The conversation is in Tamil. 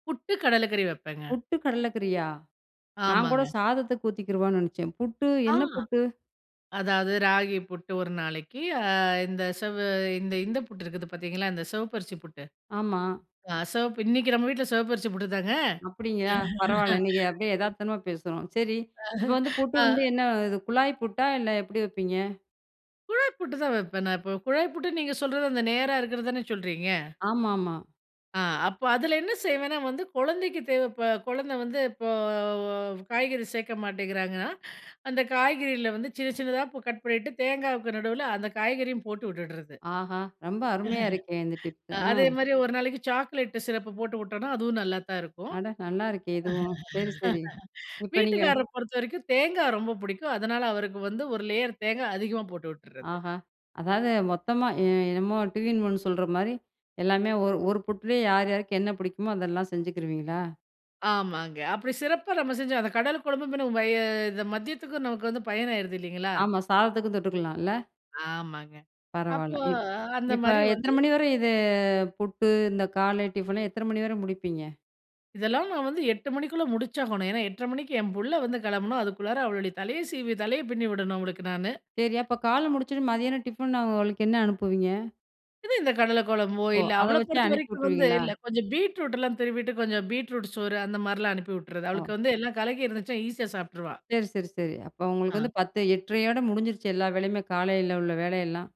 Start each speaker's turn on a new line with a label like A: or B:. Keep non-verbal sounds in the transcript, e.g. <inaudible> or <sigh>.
A: புட்டு கடல கறி வப்பேங்க.
B: புட்டு கடலக்கறியா, நான் கூட
A: ஆமாங்க.
B: சாதத்துக்கூத்திக்கிருவான்னு நெனச்சேன் புட்டு
A: ஆ,
B: என்ன புட்டு?
A: அதாவது ராகி புட்டு ஒரு நாளைக்கு, அ இந்த செவ் இந்த இந்த புட்டு இருக்குது பாத்தீங்களா, இந்த செவப்பரிசி புட்டு.
B: ஆமா.
A: ஆ சிவப்பு இன்னைக்கு நம்ம வீட்டுல செவப்பரிசி புட்டுதாங்க.
B: அப்படிங்களா, பரவால்ல. நீங்க அப்படியே
A: <laughs>
B: எதார்த்தமா பேசுறோம். சரி, இப்போ வந்து புட்டு
A: ஆ,
B: வந்து
A: அ.
B: என்ன? இது குழாய் புட்டா இல்ல, எப்பிடி வப்பீங்க?
A: குழாய் புட்டு தான் வப்பன் நான். எப்பவும், குழாய் புட்டுன்னு நீங்க சொல்றது. அந்த நேரா இருக்கிறது தானே சொல்றீங்க.
B: ஆமாமா.
A: ஆ. அப்ப அதில என்ன செய்வேன்னா வந்து குழந்தைக்கு தேவைப்ப இப்ப குழந்த வந்து இப்போ காய்கறி சேர்க்க மாட்டேங்கிறாங்கன்னா, அந்த காய்கறியில வந்து சின்ன சின்னதா கட் பண்ணிட்டு தேங்காய்க்கு நடுவுல அந்த காய்கறியும் போட்டு விட்டுட்றது.
B: ஆஹா! ரொம்ப அருமையா இருக்கே இந்த
A: <laughs>
B: டிப்பு ஆ.
A: அதே மாரி ஒரு நாளைக்கு சாக்லேட்டு சிரப்பு போட்டு வுட்டோனா, அதுவும் நல்லா தான் இருக்கும்.
B: அட! நல்லா இருக்கே இதுவும். சரி சரி. இப்ப நீங்க
A: <laughs> வீட்டுக்கார பொறுத்தவரைக்கும் தேங்கா ரொம்ப பிடிக்கும். அதனால அவருக்கு வந்து ஒரு லேயர் தேங்கா அதிகமா போட்டு விட்டுட்றது.
B: ஆஹா! அதாவது மொத்தமா எ என்னமோ டு இன் ஒன்னு சொல்ற மாரி எல்லாமே ஒரு ஒரு புட்லேயே யார் யாருக்கு என்ன பிடிக்குமோ, அதெல்லாம் செஞ்சுக்கிருவீங்களா?
A: ஆமாங்க. அப்படி சிறப்பா நம்ம செஞ்சு அந்த கடல குழம்பு பின்ன வய இந்த மத்தியத்துக்கு நமக்கு வந்து பயனாகிருது இல்லைங்களா?
B: ஆமா, சாதத்துக்கும் தொட்டுக்கலாயில்ல.
A: ஆமாங்க.
B: பரவால்ல.
A: அப்போ
B: இப்
A: அந்த
B: இப்ப
A: மாரி
B: எத்தன
A: வந்து
B: மணி வர இது ஃபுட்டு இந்த காலை டிஃபனு எத்தன மணி வர முடிப்பீங்க?
A: இதெல்லாம் நான் வந்து 8 மணிக்குள்ள முடிச்சாகணும். ஏன்னா 8:30 மணிக்கு என் புள்ள வந்து கெளம்பணும். அதுக்குள்ளார அவளுடைய தலைய சீவி, தலைய பின்னிவிடணும். அவளுக்கு நானு
B: சரி. அப்ப காலையில முடிச்சோனே, மதியானம் டிஃபன், அவளுக்கு என்ன அனுப்புவீங்க?
A: இது, இந்த கடல குழம்போ
B: ஓ.
A: இல்ல
B: அத
A: அவள
B: வச்சே
A: பொறுத்த
B: அனுப்பி
A: வரைக்கும் வந்து
B: விட்டுருவீங்களா?
A: இல்ல கொஞ்சம் பீட்ரூட்லா திருவிட்டு கொஞ்சம் பீட்ரூட் சோறு அந்த மார்லா அனுப்பி விட்றது.
B: ஒ!
A: அவளுக்கு வந்து எல்லா கலக்கி இருந்துச்சுன்னா ஈஸியா சாப்ட்டுருவா.
B: சரி சரி சரி. அப்ப உங்களுக்கு வந்து
A: ஆ.
B: 10, 8:30யோட முடிஞ்சிருச்சி, எல்லா வேலையுமே காலையில உள்ள வேலையெல்லாம்.